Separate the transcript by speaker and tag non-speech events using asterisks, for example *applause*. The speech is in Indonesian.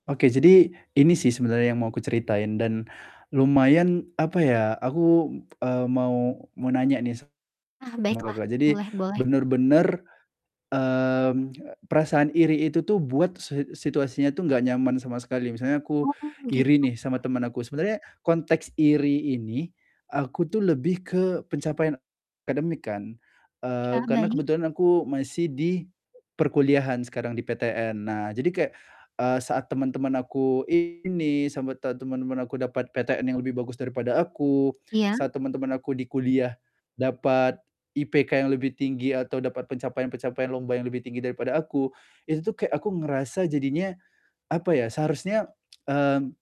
Speaker 1: Oke, jadi, ini sih sebenernya yang mau aku ceritain dan lumayan, apa ya, aku, eee, mau mau nanya nih
Speaker 2: Ah,
Speaker 1: sama
Speaker 2: baiklah,
Speaker 1: Kakak, jadi
Speaker 2: boleh boleh.
Speaker 1: bener-bener, mmm, perasaan iri itu tuh buat se situasinya tuh nggak nyaman sama sekali, misalnya aku
Speaker 2: Oh, begitu.
Speaker 1: iri nih sama temen aku, sebenarnya konteks iri ini, aku tuh lebih ke pencapaian akademik kan,
Speaker 2: Iya,
Speaker 1: eee, karena
Speaker 2: baik.
Speaker 1: kebetulan aku masih di perkuliahan sekarang di PTN. Nah, jadi kayak, eee, saat teman-teman aku ini sama te teman-teman aku dapat PTN yang lebih bagus daripada aku,
Speaker 2: Iya.
Speaker 1: saat teman-teman aku di kuliah dapat IPK yang lebih tinggi atau dapat pencapaian-pencapaian lomba yang lebih tinggi daripada aku, itu tuh kayak aku ngerasa jadinya, apa ya, seharusnya, *tsk* mmm.